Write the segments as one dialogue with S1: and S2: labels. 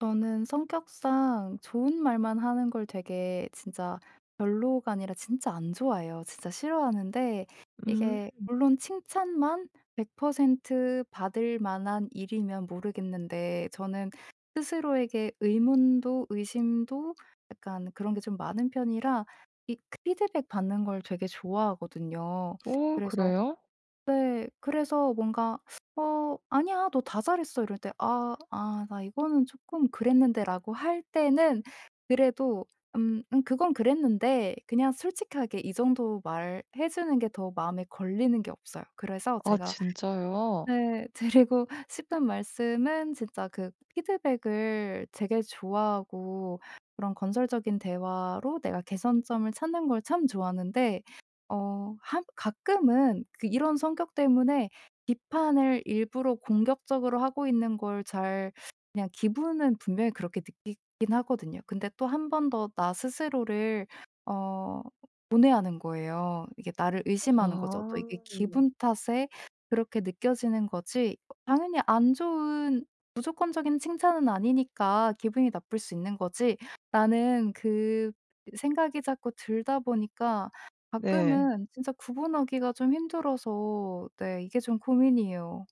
S1: 저는 성격상 좋은 말만 하는 걸 되게 진짜 별로가 아니라 진짜 안 좋아해요. 진짜 싫어하는데
S2: 음.
S1: 이게 물론 칭찬만 100% 받을 만한 일이면 모르겠는데 저는 스스로에게 의문도 의심도 약간 그런 게 좀 많은 편이라 이 피드백 받는 걸 되게 좋아하거든요.
S2: 어
S1: 그래서
S2: 그래요?
S1: 네 그래서 뭔가 "어 아니야. 너 다 잘했어." 이럴 때 "아 아 나 이거는 쪼끔 그랬는데."라고 할 때는 그래도 "음 음 그건 그랬는데." 그냥 솔직하게 이 정도 말해 주는 게 더 마음에 걸리는 게 없어요. 그래서
S2: 아
S1: 제가
S2: 진짜요?
S1: 네 드리고 싶은 말씀은 진짜 그 피드백을 되게 좋아하고 그런 건설적인 대화로 내가 개선점을 찾는 걸 참 좋아하는데 어 한 가끔은 그 이런 성격 때문에 비판을 일부러 공격적으로 하고 있는 걸 잘 그냥 기분은 분명히 그렇게 느끼긴 하거든요. 근데 또 1 번 더 나 스스로를 어 고뇌하는 거예요. 이게 나를
S2: 아
S1: 의심하는 거죠. 또 '이게
S2: 음.
S1: 기분 탓에 그렇게 느껴지는 거지. 당연히 안 좋은 무조건적인 칭찬은 아니니까 기분이 나쁠 수 있는 거지.'라는 그 생각이 자꾸 들다 보니까
S2: 네.
S1: 가끔은 진짜 구분하기가 좀 힘들어서 네 이게 좀 고민이에요.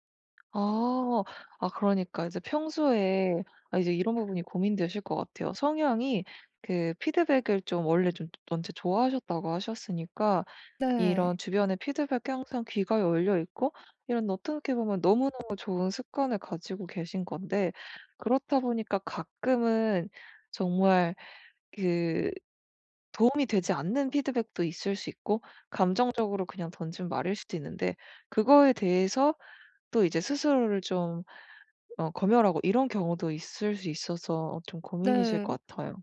S2: 어. 아 그러니까 이제 평소에 아 이제 이런 부분이 고민되실 것 같아요. 성향이 그 피드백을 좀 원래 좀 원체 좋아하셨다고 하셨으니까
S1: 네.
S2: 이런 주변에 피드백이 항상 귀가 열려있고 이런 어떻게 보면 너무너무 좋은 습관을 가지고 계신 건데 그렇다 보니까 가끔은 정말 그 도움이 되지 않는 피드백도 있을 수 있고 감정적으로 그냥 던진 말일 수도 있는데 그거에 대해서 또 이제 스스로를 좀 어 검열하고 이런 경우도 있을 수 있어서 좀 고민이실
S1: 네.
S2: 것 같아요.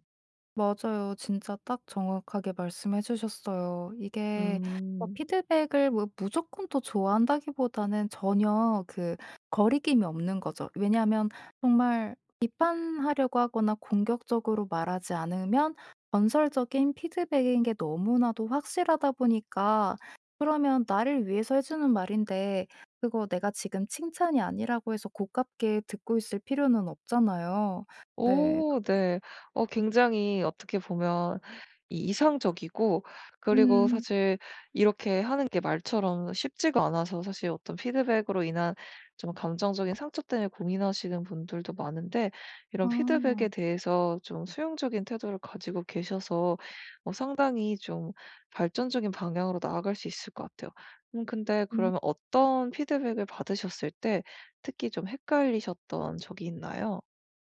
S1: 맞아요. 진짜 딱 정확하게 말씀해 주셨어요. 이게 어
S2: 음.
S1: 피드백을 뭐 무조건 또 좋아한다기보다는 전혀 그 거리낌이 없는 거죠. 왜냐하면 정말 비판하려고 하거나 공격적으로 말하지 않으면 건설적인 피드백인 게 너무나도 확실하다 보니까 그러면 나를 위해서 해 주는 말인데 그거 내가 지금 칭찬이 아니라고 해서 고깝게 듣고 있을 필요는 없잖아요. 네.
S2: 오
S1: 그래
S2: 네. 어 굉장히 어떻게 보면 이 이상적이고 그리고
S1: 음.
S2: 사실 이렇게 하는 게 말처럼 쉽지가 않아서 사실 어떤 피드백으로 인한 좀 감정적인 상처 때문에 고민하시는 분들도 많은데 이런 피드백에
S1: 아.
S2: 대해서 좀 수용적인 태도를 가지고 계셔서 어 상당히 좀 발전적인 방향으로 나아갈 수 있을 것 같아요. 음 근데
S1: 음.
S2: 그러면 어떤 피드백을 받으셨을 때 특히 좀 헷갈리셨던 적이 있나요?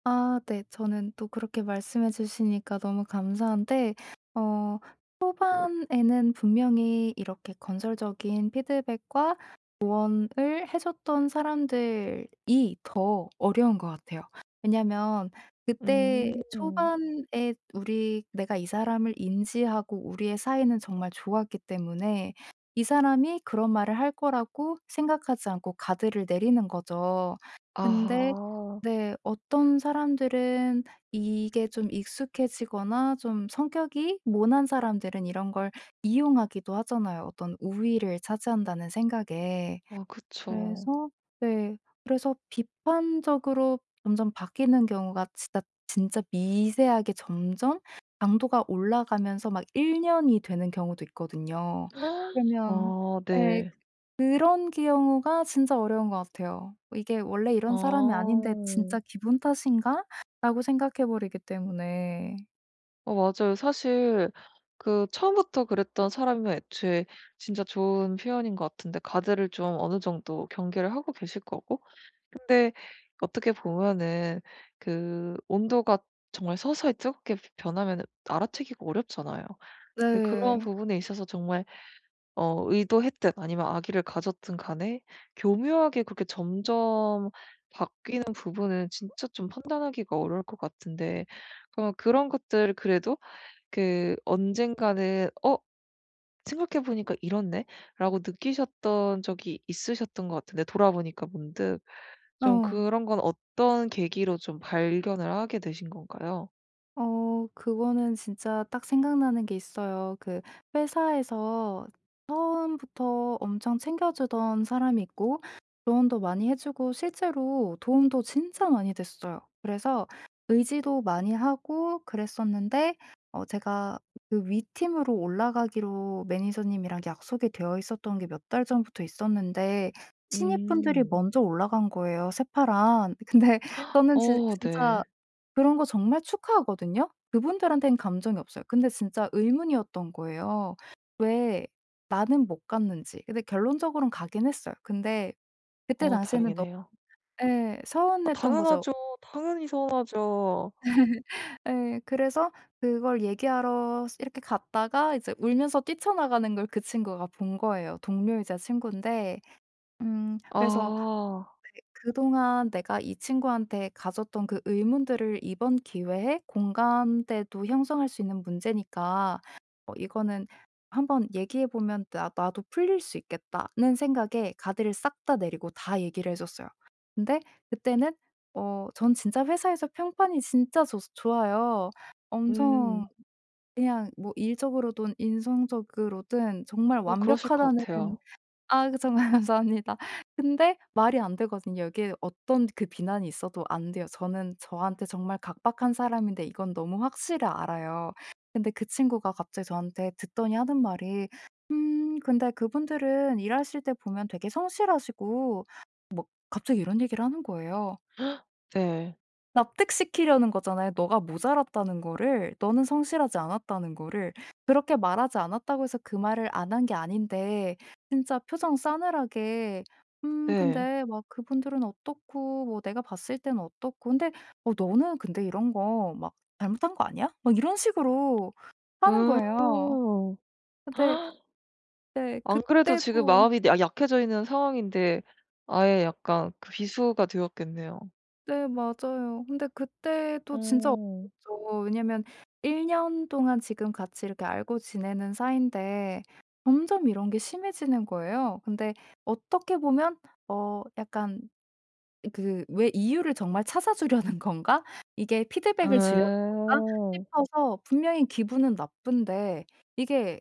S1: 아 네. 저는 또 그렇게 말씀해 주시니까 너무 감사한데 어 초반에는 분명히 이렇게 건설적인 피드백과 조언을 해 줬던 사람들이 더 어려운 것 같아요. 왜냐하면 그때
S2: 음.
S1: 초반에 우리 내가 이 사람을 인지하고 우리의 사이는 정말 좋았기 때문에 이 사람이 그런 말을 할 거라고 생각하지 않고 가드를 내리는 거죠. 근데
S2: 아하.
S1: 네. 어떤 사람들은 이게 좀 익숙해지거나 좀 성격이 모난 사람들은 이런 걸 이용하기도 하잖아요, 어떤 '우위를 차지한다.'는 생각에.
S2: 아 그쵸.
S1: 그래서 네. 그래서 비판적으로 점점 바뀌는 경우가 진짜 진짜 미세하게 점점 강도가 올라가면서 막 1 년이 되는 경우도 있거든요. 그러면
S2: 아
S1: 예.
S2: 네.
S1: 그런 경우가 진짜 어려운 것 같아요. 이게 '원래 이런 사람이 아닌데
S2: 아.
S1: 진짜 기분 탓인가?'라고 생각해 버리기 때문에.
S2: 어 맞아요. 사실 그 처음부터 그랬던 사람이면 애초에 진짜 좋은 표현인 것 같은데 가드를 좀 어느 정도 경계를 하고 계실 거고 근데 어떻게 보면은 그 온도가 정말 서서히 뜨겁게 변하면은 알아채기가 어렵잖아요. 근데 그런
S1: 네.
S2: 부분에 있어서 정말 어 의도했든 아니면 악의를 가졌든 간에 교묘하게 그렇게 점점 바뀌는 부분은 진짜 좀 판단하기가 어려울 것 같은데 그럼 그런 것들 그래도 그 언젠가는 '어 생각해 보니까 이렇네.'라고 느끼셨던 적이 있으셨던 것 같은데 돌아보니까 문득 좀
S1: 어.
S2: 그런 건 어떤 계기로 좀 발견을 하게 되신 건가요?
S1: 어 그거는 진짜 딱 생각나는 게 있어요. 그 회사에서 처음부터 엄청 챙겨주던 사람이 있고 조언도 많이 해 주고 실제로 도움도 진짜 많이 됐어요. 그래서 의지도 많이 하고 그랬었는데 어 제가 그 위 팀으로 올라가기로 매니저님이랑 약속이 되어 있었던 게 몇 달 전부터 있었는데 신입분들이
S2: 음.
S1: 먼저 올라간 거예요 새파란. 근데 저는 진
S2: 어
S1: 진짜
S2: 네.
S1: 그런 거 정말 축하하거든요. 그분들한테는 감정이 없어요. 근데 진짜 의문이었던 거예요. '왜 나는 못 갔는지.' 근데 결론적으론 가기는 했어요. 근데 그때
S2: 어
S1: 당시에는 너무
S2: 다행이네요.
S1: 예
S2: 아
S1: 서운했던 거죠.
S2: 당연하죠. 당연히 서운하죠.
S1: 예 그래서 그걸 얘기하러 스 이렇게 갔다가 이제 울면서 뛰쳐나가는 걸 그 친구가 본 거예요 동료이자 친구인데. 음 그래서
S2: 아.
S1: '그 그동안 내가 이 친구한테 가졌던 그 의문들을 이번 기회에 공감대도 형성할 수 있는 문제니까 뭐 이거는 한번 얘기해 보면 나 나도 풀릴 수 있겠다.'는 생각에 가드를 싹 다 내리고 다 얘기를 해 줬어요. 근데 그때는 어 전 진짜 회사에서 평판이 진짜 좋 좋아요. 엄청
S2: 음.
S1: 그냥 뭐 일적으로든 인성적으로든 정말
S2: 어 그러실 것
S1: 완벽하다는
S2: 같아요.
S1: 아 정말 감사합니다. 근데 말이 안 되거든요. 여기에 어떤 그 비난이 있어도 안 돼요. 저는 저한테 정말 각박한 사람인데 이건 너무 확실히 알아요. 근데 그 친구가 갑자기 저한테 듣더니 하는 말이 "음 근데 그분들은 일하실 때 보면 되게 성실하시고" 뭐 갑자기 이런 얘기를 하는 거예요.
S2: 네.
S1: 납득시키려는 거잖아요 '너가 모자랐다는 거를 너는 성실하지 않았다.'는 거를. 그렇게 말하지 않았다고 해서 그 말을 안 한 게 아닌데 진짜 표정 싸늘하게 "음
S2: 네.
S1: 근데 막 그분들은 어떻고 뭐 내가 봤을 때는 어떻고 근데 어 너는 근데 이런 거 막 잘못한 거 아니야?" 막 이런 식으로 하는
S2: 음.
S1: 거예요. 어 네. 네
S2: 안 그래도 지금
S1: 그때도
S2: 마음이 내가 약해져 있는 상황인데 아예 약간 그 비수가 되었겠네요.
S1: 네 맞아요. 근데 그때도 진짜
S2: 어.
S1: 억울했죠. 왜냐하면 1 년 동안 지금 같이 이렇게 알고 지내는 사인데 점점 이런 게 심해지는 거예요. 근데 어떻게 보면 어 약간 그 왜 '이유를 정말 찾아 주려는 건가? 이게 피드백을 주려는 건가?'
S2: 어.
S1: 싶어서 분명히 기분은 나쁜데 이게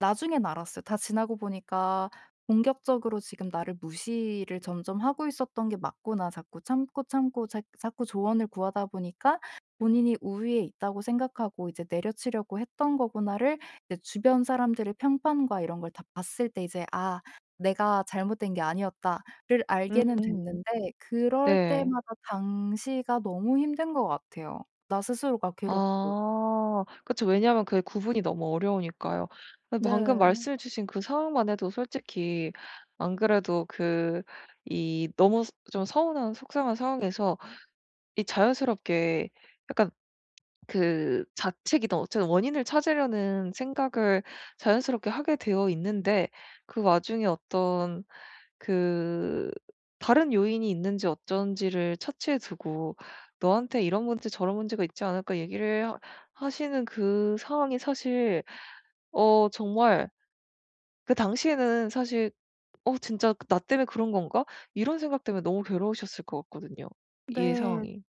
S1: 나중엔 알았어요. 다 지나고 보니까 '공격적으로 지금 나를 무시를 점점 하고 있었던 게 맞구나. 자꾸 참고 참고 자 자꾸 조언을 구하다 보니까 본인이 우위에 있다고 생각하고 이제 내려치려고 했던 거구나.'를 이제 주변 사람들의 평판과 이런 걸 다 봤을 때 이제 '아 내가 잘못된 게 아니었다.'를 알게는
S2: 음
S1: 됐는데 그럴
S2: 네.
S1: 때마다 당시가 너무 힘든 것 같아요 나 스스로가 괴롭고.
S2: 아 그쵸. 왜냐하면 그게 구분이 너무 어려우니까요. 그 방금
S1: 네.
S2: 말씀해 주신 그 상황만 해도 솔직히 안 그래도 그 이 너무 스 좀 서운한 속상한 상황에서 이 자연스럽게 약간 그 자책이든 어쨌든 원인을 찾으려는 생각을 자연스럽게 하게 되어 있는데 그 와중에 어떤 그 다른 요인이 있는지 어쩐지를 차치해 두고 "너한테 이런 문제 저런 문제가 있지 않을까?" 얘기를 하시는 그 상황이 사실 어 정말 그 당시에는 사실 '어 진짜 그 나 때문에 그런 건가?' 이런 생각 때문에 너무 괴로우셨을 것 같거든요 이
S1: 네.
S2: 상황이.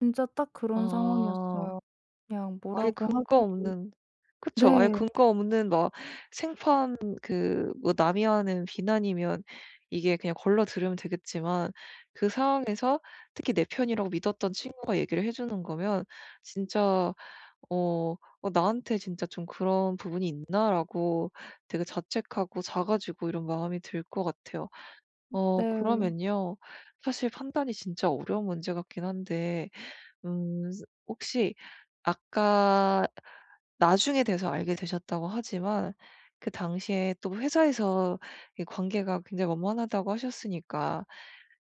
S1: 진짜 딱 그런
S2: 아.
S1: 상황이었어요. 그냥
S2: 아예
S1: 뭐라고
S2: 근거
S1: 하기도
S2: 없는 그쵸 아예
S1: 네.
S2: 근거 없는 막 생판 그 뭐 남이 하는 비난이면 이게 그냥 걸러 들으면 되겠지만 그 상황에서 특히 내 편이라고 믿었던 친구가 얘기를 해 주는 거면 진짜 어 '어 나한테 진짜 좀 그런 부분이 있나?'라고 되게 자책하고 작아지고 이런 마음이 들 것 같아요.
S1: 음
S2: 어
S1: 네.
S2: 그러면요. 사실 판단이 진짜 어려운 문제 같긴 한데 음 혹시 아까 나중에 돼서 알게 되셨다고 하지만 그 당시에 또 회사에서 이 관계가 굉장히 원만하다고 하셨으니까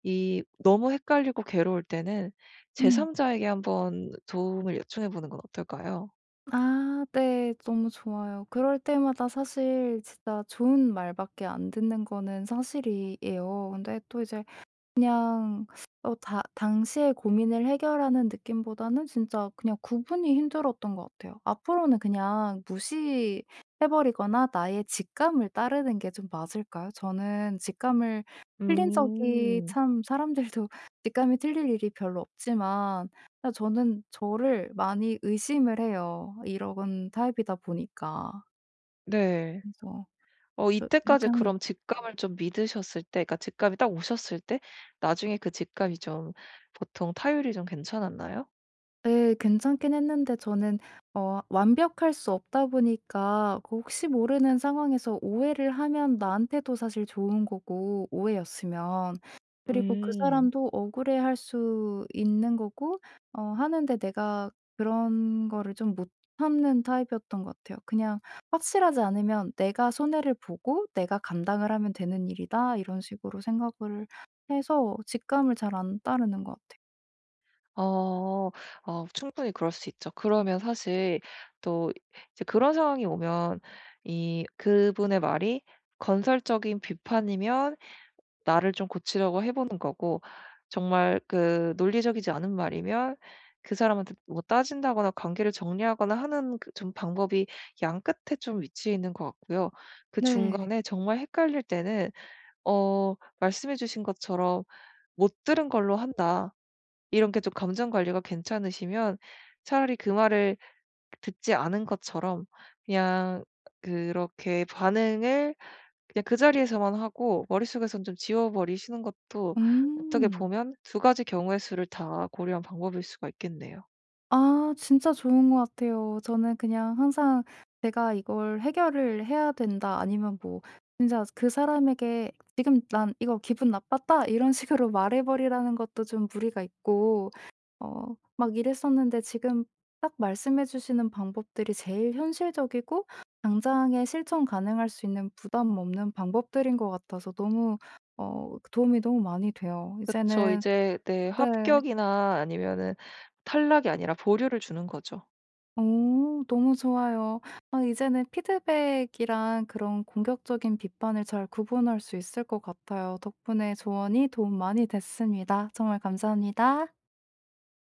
S2: 이 너무 헷갈리고 괴로울 때는
S1: 음.
S2: 제삼자에게 한번 도움을 요청해 보는 건 어떨까요?
S1: 아 네. 너무 좋아요. 그럴 때마다 사실 진짜 좋은 말밖에 안 듣는 거는 사실이에요. 근데 또 이제 그냥 어 당 당시에 고민을 해결하는 느낌보다는 진짜 그냥 구분이 힘들었던 것 같아요. 앞으로는 그냥 무시해 버리거나 나의 직감을 따르는 게 좀 맞을까요? 저는 직감을 틀린 적이
S2: 음.
S1: 참 사람들도 직감이 틀릴 일이 별로 없지만 그냥 저는 저를 많이 의심을 해요 이러건 타입이다 보니까.
S2: 네.
S1: 그래서
S2: 어
S1: 저 이렇게
S2: 이때까지
S1: 하는 게
S2: 그럼 직감을 좀 믿으셨을 때 그러니까 직감이 딱 오셨을 때 나중에 그 직감이 좀 보통 타율이 좀 괜찮았나요?
S1: 예. 괜찮긴 했는데 저는 어 완벽할 수 없다 보니까 그 혹시 모르는 상황에서 오해를 하면 나한테도 사실 좋은 거고 오해였으면. 그리고 그
S2: 음.
S1: 사람도 억울해할 수 있는 거고 어 하는데 내가 그런 거를 좀 못 참는 타입이었던 것 같아요. 그냥 '확실하지 않으면 내가 손해를 보고 내가 감당을 하면 되는 일이다.' 이런 식으로 생각을 해서 직감을 잘 안 따르는 것 같아
S2: 어. 어 충분히 그럴 수 있죠. 그러면 사실 또 이제 그런 상황이 오면 이 그분의 말이 건설적인 비판이면 나를 좀 고치려고 해 보는 거고 정말 그 논리적이지 않은 말이면 그 사람한테 뭐 따진다거나 관계를 정리하거나 하는 그 좀 방법이 양 끝에 좀 위치해 있는 것 같고요. 그
S1: 네.
S2: 중간에 정말 헷갈릴 때는 어 말씀해 주신 것처럼 "못 들은 걸로 한다." 이런 게 좀 감정관리가 괜찮으시면 차라리 그 말을 듣지 않은 것처럼 그냥 그렇게 반응을 그냥 그 자리에서만 하고 머릿속에서는 좀 지워 버리시는 것도 어떻게
S1: 음.
S2: 보면 2 가지 경우의 수를 다 고려한 방법일 수가 있겠네요.
S1: 아 진짜 좋은 거 같아요. 저는 그냥 항상 제가 "이걸 해결을 해야 된다." 아니면 뭐 진짜 그 사람에게 "지금 난 이거 기분 나빴다." 이런 식으로 말해 버리라는 것도 좀 무리가 있고 어 막 이랬었는데 지금 딱 말씀해 주시는 방법들이 제일 현실적이고 당장에 실천 가능할 수 있는 부담 없는 방법들인 것 같아서 너무 어 그 도움이 너무 많이 돼요.
S2: 그쵸.
S1: 이제는
S2: 이제 네
S1: 네.
S2: 합격이나 아니면은 탈락이 아니라 보류를 주는 거죠.
S1: 어 너무 좋아요. 아 이제는 피드백이랑 그런 공격적인 비판을 잘 구분할 수 있을 것 같아요. 덕분에 조언이 도움 많이 됐습니다. 정말 감사합니다.